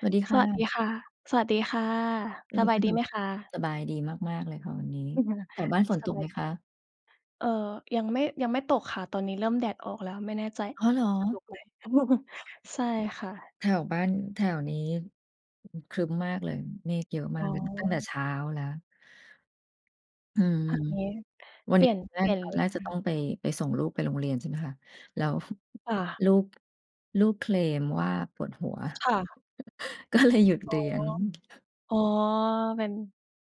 สวัสดีคส่วัสดีะ ค่ะ สวัสดีค่ะ สดีบายคดี่ะ ไหมคะ? สบายดีมาก ๆ เลยค่ะวันนี้ อือฮึ แถวบ้านฝนสตกบไาหยมดคี ะ? เอ่อ ยังไม่ ยังไม่ตกค่ะ ตอนนี้เริ่มแดดออกแล้ว ไม่แน่ใจอ้อเหรอ? จะตกไหม ใช่ค่ะ แถวบ้าน แถวนี้ครึ้มมากเลย เมฆเยอะมอา๋กเลย ตั้งแต่อ เช้าแล้ว อืม เอางี้ วัเนปลนีี้่ยน ตอนแรเปลก ี่ยนตอนดีแรกกวจะ่ต้อา งไป ไปส่งลูกไปโรงเรียน ใช่ไหมคะ แล้ว ค่ะ ลูก ลูกเคลมว่าปวดหัว ค่ะ ก็เลย หยุดอ๋เอ รียน อ๋อ เป็น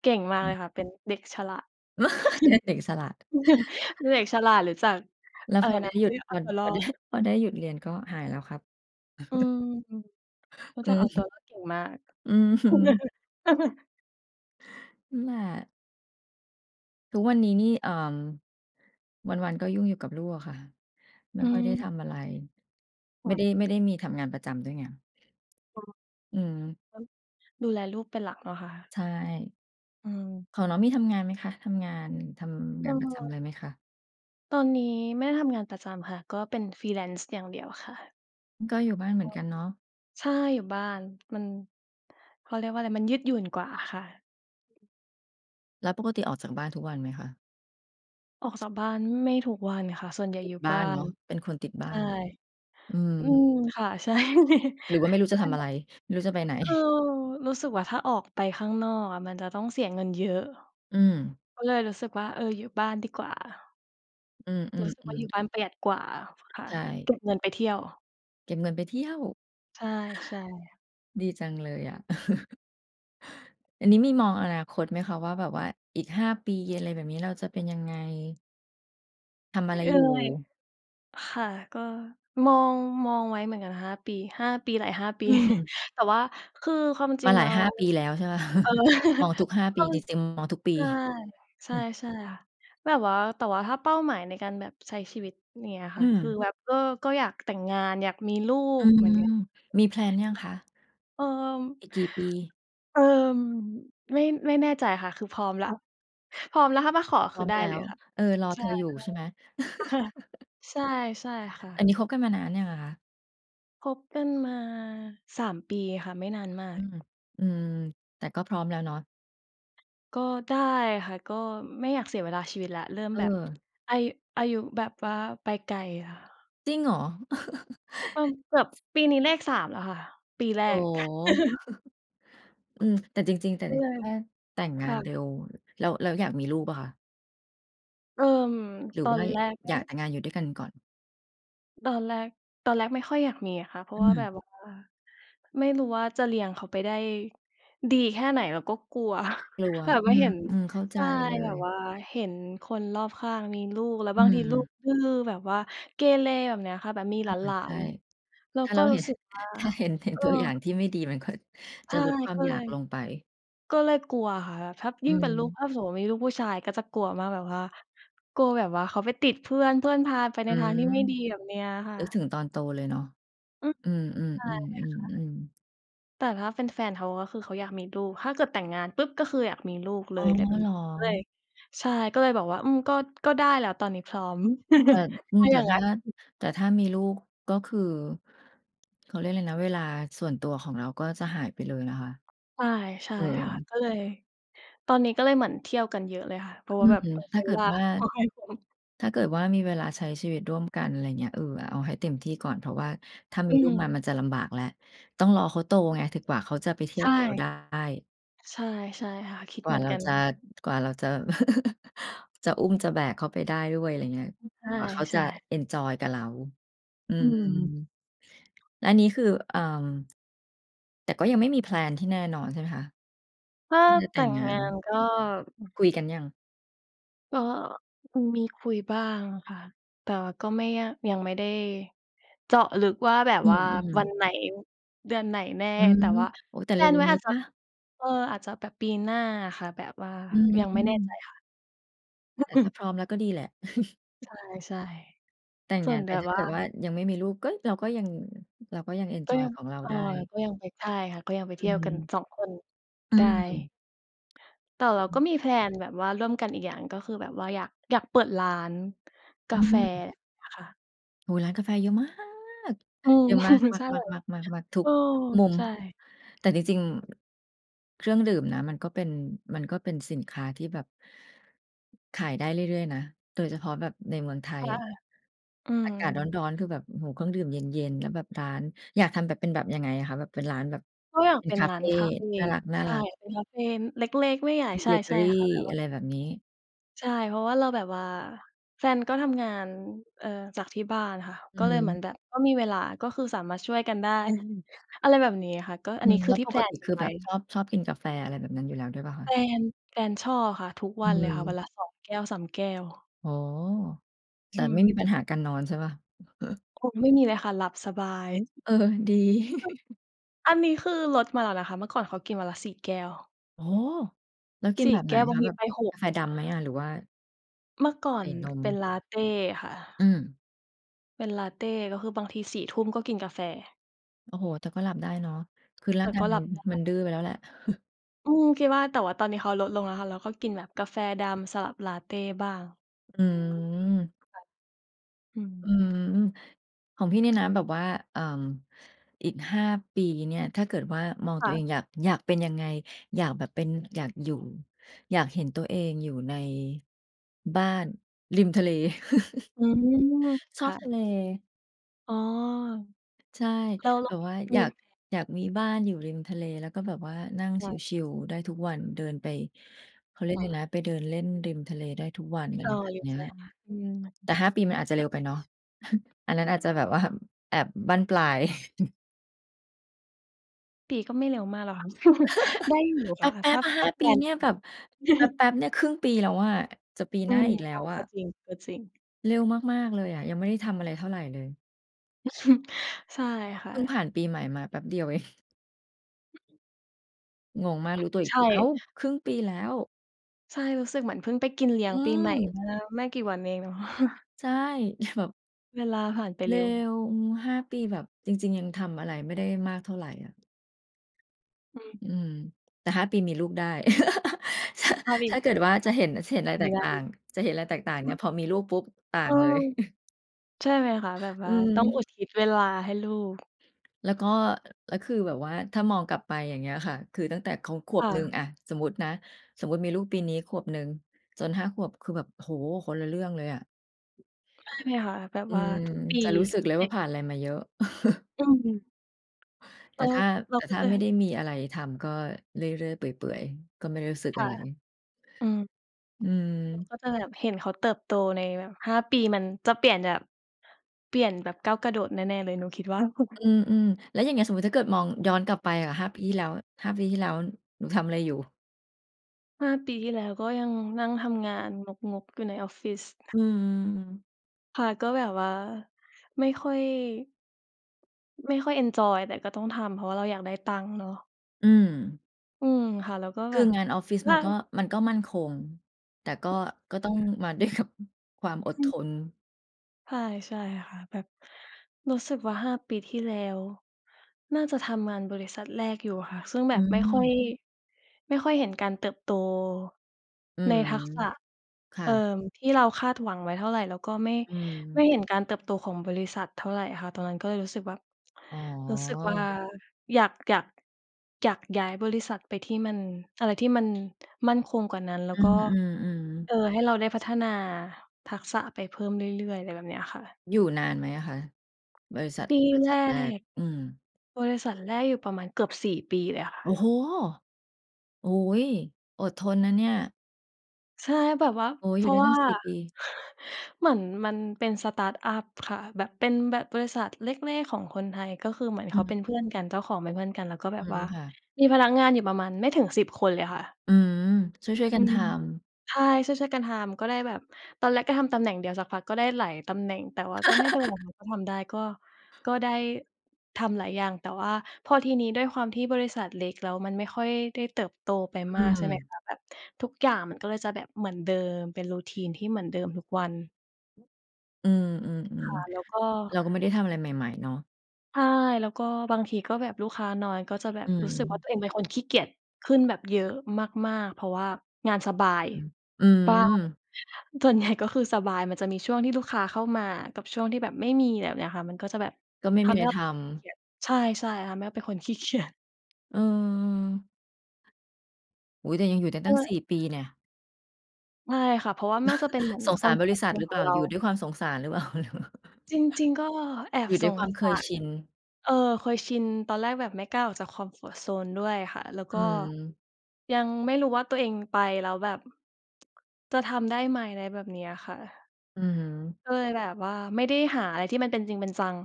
เก่งมาอกเืลยอ ค่ะ เป็นเด็กฉลาด เรียกเด็กฉลาด เด็กฉลาดหรือจากแล้อวะไพรอไนด้ะ หยุเรด ียกเอพาอ ตัวรพออได้ ด พอได้หยุดเรียนก็หายแล้วครับ อืม รู้อืจักเอาตัวม รอดเก่งมาก อืม อืม นั่นแหละ ทุกวันนี้นี่ เอ่อ วัน ๆ ก็ยุ่งอยู่กับลูกอะค่ะ ไม่อืค่อยได้ม ทำอะไร คไม่่ะ ได้ ไม่ได้มีทำงานประจำด้วยไง อ๋อ อืม เออ ดูแลลูกเป็นหลักเนาะคะ ใช่ อืม ของน้องมีทำงานไหมคะ? ทำงาน ทำเองานประจอ ำไรไหมคะ? ตอนนี้ไม่ได้ทำงานประจำค่ะ ก็เป็น Freelance อย่างเดียวค่ะ อือ ก็อยู่บ้านเหมืกอ็ นกันเนาะ ใช่ อยู่บ้าน มัน เขาเรียกว่าไร มันยืดหยุ่นกว่าค่ะ แล้วปกติออกจากบ้านทุกวันไหมคะ? ออกจากบ้านไม่ทุกวันค่ะ ส่วนใหญ่ติดอยู่บบ้า้านเนน าะ เป็นคนติดบใช้า่ น อืม อืม ค่ะ ใช่ ใช่ค่ะ หรือว่าไม่รู้จะทำอะไร? ไม่รู้จะไปไหน? คือรู้สึกว่า ถ้าออกไปข้างนอกอะมันจะต้องเสียเงินเยอะ อืม ก็เลยรู้สึกว่า เอ่อ อยู่บ้านดีกว่า อืรู้สึกว่าอ อยๆ ูๆ ่บ้านประหยัดกว่าค่ะ ใช่ เก็บเงินไปเที่ยว เก็บเงินไปเที่ยว ใช่ ๆ ดีจังเลยอะ อันนี้มีมองอนาคตไหมคะว่า แบบว่าอีก 5 ปีอะไรแบบนี้ เราจะเป็นยังไง? ทำอเอะไร่อ อยู่? ค่ะ ก็มอง มองไว้เหมือนกัน 5 ปี 5 ปี หลาย 5 ปอี ืม แต่ว่าคือความจมริางหลแลา้ย หว ้า ปีแล้ว ใช่ไหมคะ เออ มองทุก 5 กปี็ นี่เต็ม มองทุกปใี ช่ ใช่ ใช่ค่ะ แบบว่า แต่ว่าถ้าเป้าหมายในการแบบใช้ชีวิตเงี้ยอคื่ะ คืออ แบบก็ ก็อยากแต่งงาน อยากมีลูอืกเหมืม อนกัน มี แพลน ยังอยาคกะ? มี เอ่อ อีกกี่ปี? เอ่อ ไม่ ไม่แน่ใจค่ะ คือพร้อมแล้ว พร้อมแล้ว ถ้ามาขอพคร้ืออมได้แล้เลยว ค่ะ เออ รอใชเธ่ ออยู่ใช่ไหม? ๆ ค่ะ ใช่ ใช่ค่อันะ นี้คบกันมานานยังอะคะ? คบกันมา 3 ปีค่ะ ไม่นานมาอืก อ อืม แต่ก็พร้อมแล้วเนาะ ก็ได้ค่ะ ก็ไม่อยากเสียเวลาชีวิตแล้ว เริ่มเแบบออ อา อายุแบบว่าไปไกลค่ะ จริงเหรอ? ก็แบบปีนี้เลข 3 แล้วค่ะ ปีแรโอ้ ก อืม แต่จริง ๆ แต่ก็ละเลที ย ถ้าแต่งคงา่นเระ ็ว แล้ว แล้วอยากมีลูกเปล่าคะ? เอ่อ หรืตออว่นาแรกไมอ่ ยากแต่งงานอยู่ด้วยกันก่อน? ตอนแรก ตอนแรกไม่ค่อยอยากมีอะคะ เพราอืะว่าแบอ บว่า ไม่รู้ว่าจะเลี้ยงเขาไปได้ดีแค่ไหน แล้วก็กลัว กลัว แบบอืว่าเห็น ม ๆ เข้าใใชจ่ เลแบย บว่าเห็นคนรอบข้างมีลูก แล้วอืบางทีลูม กดื้อ แบบว่าเกเรแบบเนี้ยค่ะ แบบมีอหลา าใช่ น ๆ เราถ้าเกร็า เรหู้็น สึกว่า ถ้าเห็น เห็เนออ ตัวอย่างที่ไม่ดี มันก็ ใชจะ่ ลดความก็อยเลากย ลงไป ก็เลยกลัวค่ะ ถ้า อยืิ่งเป็นลูก ม ถ้าสมมุติมีลูกผู้ชายก็จะกลัวมาก แบบว่า กลัวแบบว่าเขาไปติดเพื่อน เพื่อนพาไปใอนืทางทีอ ่ไม่ดีแบบเนี้ยค่นึกถะ ึงตอนโตเลยเนาะ อือ อืม ใช่ค่ะ ๆ ๆ ๆ ๆ แต่ถ้าเป็นแฟนเขาก็คือเขาอยากมีลูก ถ้าเกิดแต่งงานปุ๊บ ก็คืออยากมีลูกเลอ๋อ ย ไรแบบเหนรี้ อ ก็เลย ใช่ ก็เลยแบบว่า อืม ก็ ก็ได้แล้วตอนนี้พร้อม แต่ อืถ้ม าแอตย่่างถง้ั้า น แต่ถ้ามีลูก ก็คือ เขาเรียกไรนะ เวลาส่วนตัวของเราก็จะหายไปเลยนะคะ ใช่ ใช่เออ ค่ะ ก็เลย ตอนนี้ก็เลยเหมือนเที่ยวกันเยอะเลยค่ะ เพราะอืว่าแม บบเผื่อถใช้้าเเกวิลดาว่า ก็ให้คุ้ม ถ้าเกิดว่ามีเวลาใช้ชีวิตร่วมกัน ไรเงี้ย เออ เอาให้เต็มก่อน เพราะว่าถ้ามีอืลูกมาอ มันจะลำบากแล้ว ต้องรอเขาโตไง ถึกกว่าเขาจะไปเที่ใยชว่ กับเราได้ ใช่ ใช่ค่ะ คิดกวเห่มาือนเรากัน จะ กว่าเราจะ จะอุ้มจะแบกเขาไปได้ด้วย ไรอย่างเงี้ย กว่าเขาใชจะ่ ๆ เอนจอยกับเรา อือืม ม แล้วอันนี้คือ เอ่อ แต่ก็ยังไม่มีแพลนที่แน่นอนใช่ไหมคะ? ถ้าที่จะแแตต่่งงงางน านก็ คุยกันยัง? ก็คงมีคุยบ้างอะค่ะ แต่ว่าก็ไม่ยาก ยังไม่ได้เจาะลึกว่าแบบอืว่าอ วัๆ นไหน เดือนไหนแน่ อืแม ต่ว่า โอ้โฮ แต่แพเลรน ็ไวว ้ๆ นีอ้าจเจปะ ล่า? เออ อาจจะแบบปีหน้าอะค่ะ แบบว่าอยัืงไม่แน่ใจม ค่ะ แต่ถ้าพร้อมแล้วก็ดีแหละ ใช่ แต่งๆ สงานนแไปต่ถ้าวเ่า กิดว่ายังไม่มีลูกก็ เราก็ยัง เราก็ยังเอนกจ็อยยัง ของเราเอไอ ด้ ก็ยังไปได้ค่ะ ก็ยังไปอเทืี่ยวกันม สองคน อืใช่ ม แต่เราอือ ก็มี แพลน แบบว่าร่วมกันอีกอย่าง ก็คือแบบว่าอยาก อยากเปิดร้านกอืาแฟม ค่ะ โอ้โฮ ร้านกาแฟเยอะ มาก อืม เยอะมาก ๆ ใๆ ช่ ๆ ๆ ๆ ทุเอก อ ทุกมุม ใช่ แต่จริง ๆ เครื่องดื่มนะ มันก็เป็น มันก็เป็นสินค้าที่แบบ ขายได้เรื่อย ๆ นะ โดยเฉพาะแบบในเมืองไทคย่ะ อะ อือากาศรม ้อน ๆ คือแบบ อื้อฮือ เครื่องดื่มเย็น ๆ แล้วแบบร้าน อยากทำแบบเป็นแบบยังไงอะคะ? แบบเป็นร้านแบบก็อยากเป็นเป็นคาร้เาฟนคาเฟ น่ารใช่ ัก ๆ เป็นคาเฟเล็ก ๆ ไม่ใหญ่ มีใชเบเกอ่ รี ๆ ค่ะ แบบอว่า ะไรแบบนี้ ใช่ เพราะว่าเราแบบว่า แฟนก็ทำงาน เอ่อ จากที่บ้านค่ะ อืก็อฮเลยเหมือึ นแบบ ก็มีเวลา ก็คือสามารถช่วยกันได้ อะไรแบบนี้ค่ะ ก็ออืันนี้ม คแืลอ้วที่ ปแพกลติน กคัืนอไแวบ้ บชอบ ชอบกินกาแฟอะไรแบบนั้นอยู่แล้วด้วยเปล่าคะ? แฟน แฟนชอบค่ะ ทุกอวืันเลยค่ะ วัม นละ 2 แก้ว 3 แก้ว อ๋อ แอบืบไม่มีม ปัญหาการนอนใช่เปล่า? โอ้ ไม่มีเลยค่ะ หลับสบาย เออ ดี อันนี้คือลดมาแล้วนะคะ เมื่อก่อนเขากินวันละ 4 แก้ว โอ้โฮ! แล้วกิน4 แบบไแหกน้ว บาคงะ? ทแบีบไป หกก าแฟดำไหมอะ? หรือว่า เมื่อก่อใสน่นม เป็นลัตเตค่อืะ อ เป็นลัตเต ก็คือบางที 4 ทุ่มก็กินกาแฟ โอ้โฮ แต่ก็หลับได้เนาะ คือรแต่า่งกากย็หมลััน บไดมั้ นดื้อไปแล้วแหละ อืม คิดว่า แต่ว่าตอนนี้เขาลดลงแล้วค่ะ แล้วก็กินแบบกาแฟดำสลับลัตเตบ้าง อืม ค่ะ อืม อืม ของพี่นี่นะแบบว่า เอ่อ อีก 5 ปีเนี่ย ถ้าเกิดว่ามองคต่ัวเะ องอยาก อยากเป็นยังไง อยากแบบเป็น อยากอยู่ อยากเห็นตัวเองอยู่ในบ้านริมทะเล อืม ชคอบ่ทะ ะเล อ๋อ ใช่ แล้ว แลแ้บวบว่ามอยี าก มีแผน อยากมีบ้านอยู่ริมทะเล แล้วก็แบบว่านั่งค่ะ ชิล ๆ ได้ทุกวัน เดินไป เขาเรียกคไ่ระ นะ ไปเดินเล่นริมทะเลได้ทุกวัน อะเอไรอ แบบเนี้ย อืแม ต่ 5 ปีมันอาจจะเร็วไปเนาะ อันนั้นอาจจะแบบ ว่า แบบบั้นปลาย ปี ก็ไม่เร็วมากแล้วค่ะ ได้อยู่แค่ะ ปเพ๊ราะวบ ่าๆ หถ้้า าแฟปีน เนี่ยแบบ แป๊บ ๆ เนี่ย 1/2 ปีแล้วอะ จะปีอหืน้าม อีกแใลช้่ วอกะ ็จริง ก็จริง เร็วมาก ๆ เลยอะ ยังไม่ได้ทำอะไรเท่าไรเลย ใช่ค่พึ่งผะ ่านปีใหม่มาแป๊บเดียว เอง งงมาก รู้ตัวอีใกชที อ้า่ ว 1/2 ปีแล้ว ใช่ รู้สึกเหมือนพึ่งไปกินเลีอ้ยงืปีใหม่ม เมื่อไม่กี่วันนี้เอง เนาะ ใช่ แบบ เวลาผ่านไปเรเร็็ว ว อืม 5 ปีแบบ จริง ๆ ยังทำอะไรไม่ได้มากเท่าไรอะ อือ อืม แต่ 5 ปีมีลูกได้ ช พาไปอถ้ีากเกิสดวนว่าสจัะตวเ์ห็น จะเห็นไรแทตีกไต่าร ง จะเห็นไรแตกต่างเอนืี่ย อ พอมีลูกปุ๊บต่าเองอ เลย ใช่ค่ะ แบบอวื่าต้องอุม ทิศเวลาให้ลูก แล้วก็ แล้วคือแบบว่าถ้ามองกลับไปอย่างเงี้ยค่ะ คือตั้งแต่เขาขวคบ่หนึ่ง ะ อะ สมมุตินะ สมมุติมีลูกปีนี้ขวบหนึ่ง จน 5 ขวบคือแบบ โอ้โฮ! คนละเรื่องเลยอะ ใช่ไหมคะ? แบบอืว่าม ทุกปี จะรู้สึกเลยว่าผ่านไรมาเยอะ อือ แเตอ่อ ถ้า เรแาต่ก็ถ้าจไม่ได้ะ มีอะไรทำ ก็เรื่อย ๆ เปื่อย ๆ ก็ไม่รู้สึกคอ่ะะ ไร อืม อืเราม ก็จะแบบเห็นเขาเติบโตในแบบ 5 ปี มันจะเปลี่ยนแบบ เปลี่ยนแบบก้าวกระโดดแน่ ๆ เลย หนูคิดว่า อืม ๆ แล้วอย่างเงี้ย สมมุติถ้าเกิดมองย้อนกลับไปอะ 5 ปีที่แล้ว 5 ปีที่แล้ว หนูทำไรอยู่? 5 ปีที่แล้วก็ยังนั่งทำงานงก ๆ อยู่ในออฟฟิศ อืม ค่ะ ก็แบบว่าไม่ค่อย ไม่ค่อยเอนจอย แต่ก็ต้องทำ เพราะว่าเราอยากได้ตังค์เนาะ อืม อือ ค่ะ แล้วก็คแบือบงานออฟฟิศลมั่า นก็ มันก็มั่นคง แต่ก็ คก็ต้อง่ะ มา ด้วยกับ ความอดอืทม น ใช่ ใช่ค่ะ แบบรู้สึกว่า 5 ปีที่แล้ว น่าจะทำงานบริษัทแรกอยู่ค่ะ ซึ่งอแบบไม่ค่อืย ม ไม่ค่อยเห็นการเติบโตอืในม ทักษะ ค่เอ่อ ะ ที่เราคาดหวังไว้เท่าไร แล้วก็ไม่ อืไมม ่เห็นการเติบโตของบริษัทเท่าไรค่ะ ตอนนั้นก็เลยรู้สึกแบบ อ๋อ รู้สึกว่าอยาก อยาก อยากย้ายบริษัทไปที่มัน อะไรที่มันมั่นคงกว่านั้น แล้อืวก็ ม ๆ ๆ เออ ให้เราได้พัฒนาทักษะไปเพิ่มเรื่อย ๆ อะไรแบบเนี้ยค่ะ อยู่นานไหมอะคะ? บริษัท ที่บริแษรัทแรก ก อืม บริษัทแรกอยู่ประมาณเกือบ 4 ปีเลยค่โอ้โฮ! ะ โอ้โฮ! อดทนนะเนี่ย ใช่ แบบว่า โอ้โฮ เพอยู่ราไดะ้วตั่้า ง 4 ปี เหมือนมันเป็น สตาร์ตอัป ค่ะ แบบเป็นแบบบริษัทเล็ก ๆ ของคนไทย ก็คือเหมือนอเืขาเป็ม นเพื่อนกัน เจ้าของเป็นเพื่อนกัน แล้วก็แอบืบม ว่าค่ะ มีพนักงานอยู่ประมาณไม่ถึง 10 คนเลยค่ะ อืม ช่วย ๆ กัอืนทม ำ ใช่ ช่วย ๆ กันทำ ก็เลยแบบ ตอนแรกก็ทำตำแหน่งเดียว สักพักก็ได้หลายตำแหน่ง แต่ว่าก็ไม่เป็นไร เราก็ทำได้ ก็ ก็ได้ทำหลายอย่าง แต่ว่าพอทีนี้ด้วยความที่บริษัทเล็ก แล้วมันไม่ค่อยได้เติบโตไปอมืาก ใช่ไหมม คะ แบบทุกอย่างมันก็เลยจะแบบเหมือนเดิม เป็น Routine ที่เหมือนเดิมทุกวัน อือ ค่ะ แลๆ ้วก็ ๆ เราก็ไม่ได้ทำอะไรใหม่ ๆ เนาะ ใช่ แล้วก็บางทีก็แบบลูกค้าน้อย ก็จะแบอืบรู้สึกว่า ม ตัวเองเป็นคนขี้เกียจขึ้นแบบเยอะมาก ๆ เพราะว่างานสบาย อืม อือ ส่วน ใหญ่ ก็คือสบาย มันจะมีช่วงที่ลูกค้าเข้ามากับช่วงที่แบบไม่มีแบบเนี้ยค่ะ มันก็จะแบบก็ไม่ทมีำใไหร้เรทาเป็นำ คนขี้เกียจ ใช่ ๆ ทำให้เป็นคน ขี้เกียจ อืม โอ้โฮ แต่ยังอยู่ได้กตั้ง ็ 4 ปีแน่ะ ใช่ค่ะ เพราะว่าน่าจะเป็นเหมือน สงคสอารมบฟอรริ์ตษโัซทหน รือเขปอล่งา? เรา อยู่ด้วยความสงสารหรือเปล่า? จริง ๆ ก็แออบยู่ดส้วยคงวามเคสายร ชิน เอ่อ เคยชิน ตอนแรกแบบไม่กล้าออกจาก คอมฟอร์ตโซน ด้วยค่ะ แล้วอกื็ม ยังไม่รู้ว่าตัวเองไปแล้วแบบ จะทำได้ไหม ไรแบบเนี้ยค่ะ อืม ก็เลยแบบว่าไม่ได้หาอะไรที่มันเป็นจริงเป็นจัง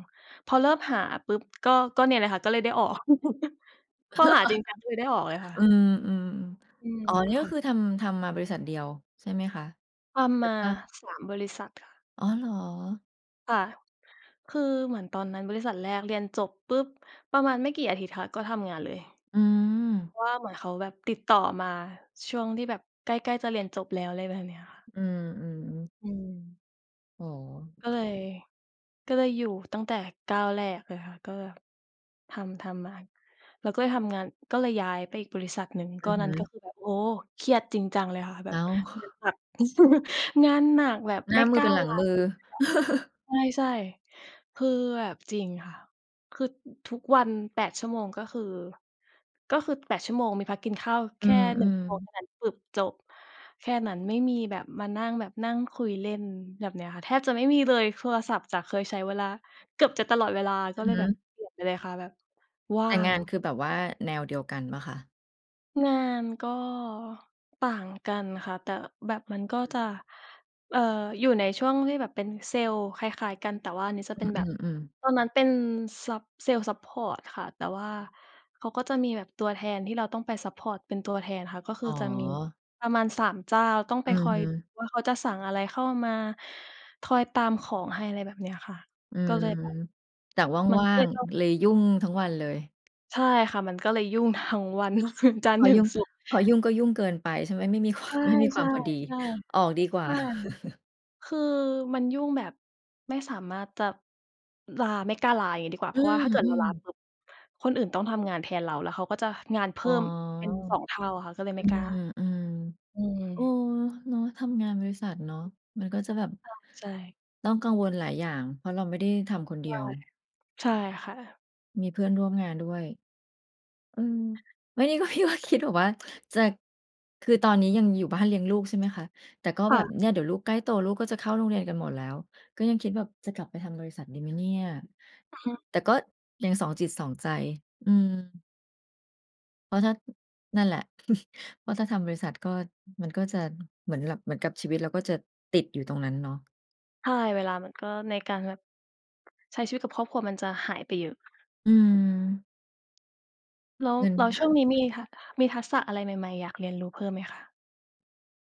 พอเริ่มหาปุ๊บ ก็ ก็เนี่ยละค่ะ ก็เลยได้ออก พอหาจริงจังก็เลยได้ออกเลยค่อืะ ม อืม อืม อ๋อ นี่กค็่ะ คือทำ ทำมาบริษัทเดียว ใช่ไหมคะ? ทหำรมือา ว่า 3 บริษัทค่ะ อ๋อ เหรอ? ค่ะ คือเหมือนตอนนั้นบริษัทแรกเรียนจบปุ๊บ ประมาณไม่กี่อาทิตย์ค่ะก็ทำงานเลย อืม เพราะว่าเหมือนเขาแบบติดต่อมาช่วงที่แบบใกล้ ๆ จะเรียนจบแล้ว อะไรแบบเนี้ยค่ะ อืม ๆ อืม โอ้โก็ฮ เลย ก็เลยอยู่ตั้งแต่ก้าวแรกเลยค่ะ ก็ทำ ทำมา เราก็เลยทำงาน ก็เลยย้ายไปอีกบริษัทหนึ่ง อกื็อฮนั่นกึ ็คือแบบ โอ้โฮ! เครียดจริงจังเลยค่ะ แบอ้บาว เหมือนจาก งานหนักแบบหนไ้ม่ามืกลอ้เปา็นหลัลงามืหยอ ุดเลยอะ ใช่ ๆ คือแบบจริงค่ะ คือทุกวัน 8 ชั่วโมง ก็คือ ก็คือ 8 ชั่วโมงมีพักกินข้าวแอืค่ 1 ม ชั่วโมงๆ เท่านั้นปุ๊บจบ แค่นั้นไม่มีแบบมานั่ง แบบนั่งคุยเล่น แบบเนี้ยค่ะ แทบจะไม่มีเลย โทรศัทพ์จากเคยใช้เวลา เกือบจะตลอดเวลา กอ็ือเลยฮึ แบบเปลี่ยนไปเลยค่ะ แบบว่แาต่งง านคือแบบว่าแนวเดียวกันเปล่าคะ? งานก็ต่างกันค่ะ แต่แบบมันก็อือ จะ เอ่อ อยู่ในช่วงที่แบบเป็นเซลส์คล้าย ๆ กัน แต่ว่านี้จะอืเป็นแบบ อ ๆ อืม ตอนนั้นเป็นซัป เซลส์ซัปพอร์ตค่ะ แต่ว่าเขาก็จะมีแบบตัวแทนที่เราต้องไปซัปพอร์ตเป็นตัวแทนค่ะ ก็คือ๋ออ จะมีประมาณ 3 เจ้า ต้องอไืปคอยอ ว่า เขาจะสั่งอะไรเข้ามา คอยตามของให้ ไรแบบเนี้ยค่ะ อืก็เม ลยแบบ แต่มันว่ก็าเลง ยต้อง ๆ เลยยุ่งทั้งวันเลย ใช่ค่ะ มันก็เลยยุ่งทั้งวัน คือจันพทรอ์ถึยุง่ง ศุกร์ พอยุ่งก็ยุ่งเกินไป ใช่ไหม? ไม่มี ควาใชม ไม่มีความ่ พอดี ๆ ๆ ออกดีกวใ่ชา ่ คือมันยุ่งแบบไม่สามารถจะลา ไม่กล้าลา อย่างงี้ดีกว่า อเืพราะว่าถ้าเกิดเราอ ลาๆ ปุ๊บ คนอื่นต้องทำงานแทนเรา แล้วเขาก็จะงานเพอ๋ิ่อ มเป็น 2 เท่าค่ะ ก็เลยอไืม่กล้า ม อืม ๆ เออ เนาะ ทำงานบริษัทเนาะ มันก็จะแบบ ใช่ ๆ ต้องกังวลหลายอย่าง เพราะเราไม่ได้ทำคนเดใชี่ ยว ใช่ค่ะ มีเพื่อนร่วมงานด้วย อืม ไม่ได้ว่า ว่าคิด แบบว่า จะ คือตอนนี้ยังอยู่บ้านเลี้ยงลูก ใช่ไหมคะ แต่ก็คแบ่บะ เนี่ยเดี๋ยวลูกใกล้โต ลูกก็จะเข้าโรงเรียนกันหมดแล้ว ก็ยังคิดแบบจะกลับไปทำบริษัทดีไหมเนี่ย อือฮึ แต่ก็ยังสองจิตสองใจ อืม เพราะถ้า นั่นแหละ เพราะถ้าทำบริษัทก็ มันก็จะเหมือนแบบ เหมือนกับชีวิตเราก็จะติดอยู่ตรงนั้นเนาะ ใช่ เวลามันก็ ในการแบบใช้ชีวิตกับครอบครัวมันจะหายไปเยอะ อืม แล้ว เงิน แล้วช่วงนี้มี ท ท มีทักษะอะไรใหม่ ๆ อยากเรียนรู้เพิ่มไหมคะ?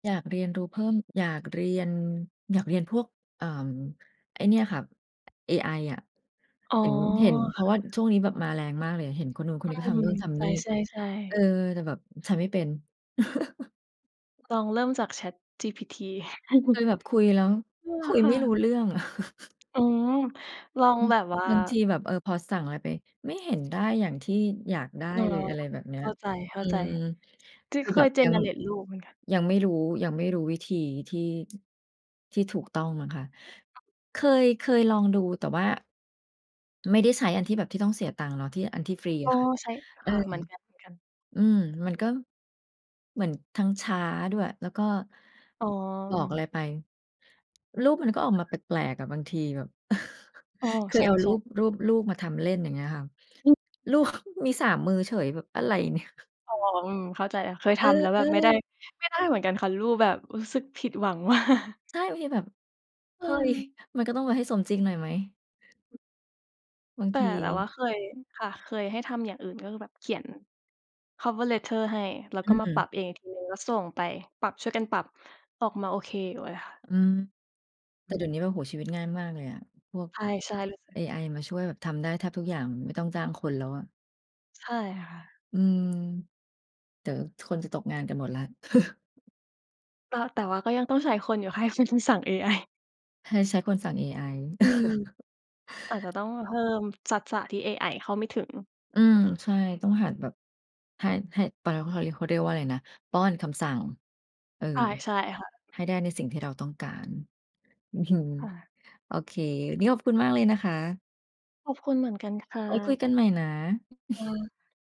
อยากเรียนรู้เพิ่ม อยากเรียน อยากเรียนพวก เอ่อ ไอ้เนี่ยค่ะ เอไออะ อ๋อ เห็น เห็น เพรคาะ่ว่าะ ช่วงนี้แบบมาแรงมากเลย เห็นคนโน้นคนอืนี้ก็ทม ำโน่นทใชำนี่ ่ เๆ อๆ อ แต่แบบใช้ไม่เป็น ลองเริ่มจาก ChatGPT เคยแบบคุยแล้วเออ คุยคไ่ม่รู้ะ เรื่องอะ อือ ลอองือ แบบว่า บางทีแบบ เออ พอสั่งไรไป ไม่เห็นได้อย่างที่อยากได้เออ เลย อะไรแบบเนี้เย ข้าใจ อืม ๆ คGen ือเคแบย บยัง Generate รูปไหมคะ? ยังไม่รู้ ยังไม่รู้วิธีที่ ที่ถูกต้องมั้งคะ เคย เคยลองดู แต่ว่าไม่ได้ใช้อันที่แบบที่ต้องเสียตังค์เนาะ ที่อันที่ฟรีโออ้ ะค่ะ ใช้ เอคอ ่ะ เหมือนกัน ๆ อือ มันก็เหมือนทั้งช้าด้วย แล้วก็อ๋บอกออ ะไรไปรูปมันก็ออกมาแปลก ๆ อะ บางทีแบบ อ้อ เคใชยเอารู่ ๆ ป รูปลูกมาทำเล่น อย่างเงี้ยค่ะ อือ ลูก มี 3 มือเฉย แบบอะไร เนี่ย อ๋อ อืม เข้าใจแล้ว เคยทเอำแล้วแบอ บไม่ได้ ๆ ไม่ได้เหมือนกันค่ะ รูปแบบ รู้สึกผิดหวัง มาก ใช่ โอเค แบบ เฮ้ย เออ มันก็ต้องไปให้สมจริงหน่อยไหม? บางแทตี ่เราว่าเคย ค่ะ เคยให้ทำอย่างอื่น ก็คือแบบเขียนคำว่า Letter ให้ แล้วอืก็มาปรัอ บเองอีกทีหนึ่งแล้วส่งไป ปรับ ช่วยกันปรับออกมาโอเคอยู่เลยค่ะ อือ แตอ่ืเดี๋ยวอ นี้แบบ โอ้โฮ ชีวิตง่ายมากเลยอะ พวกใช่ ๆ รู้สึเก อไอมาช่วยแบบทำได้แทบทุกอย่าง ไม่ต้องจ้างคนแล้วอะ ใช่ค่ะ อืม เดี๋ยวคนจะตกงานกันหมดแล้ว ต แต่ว่าก็ยังต้องใช้คนอยู่ ให้เป็นคนสั่ง เอไอ ใช้คนสั่งเอไอ อืม อาจจะต้องเพิ่มทักษะ ที่เอไอเข้าไม่ถึง อือ ใช่ ต้องหัดแบบ ให้ ให้ เขาเรียกว่าอะไรนะ ป้อนคำสั่ง เออ ใช่ ใช่ค่ะ ให้ได้ในสิ่งที่เราต้องการ อือ ค่ะ โอเค วันนี้ขอบคุณมากเลยนะคะ ขอบคุณเหมือนกันค่ไว้คุะ ยกันใหม่นะ ค่ะ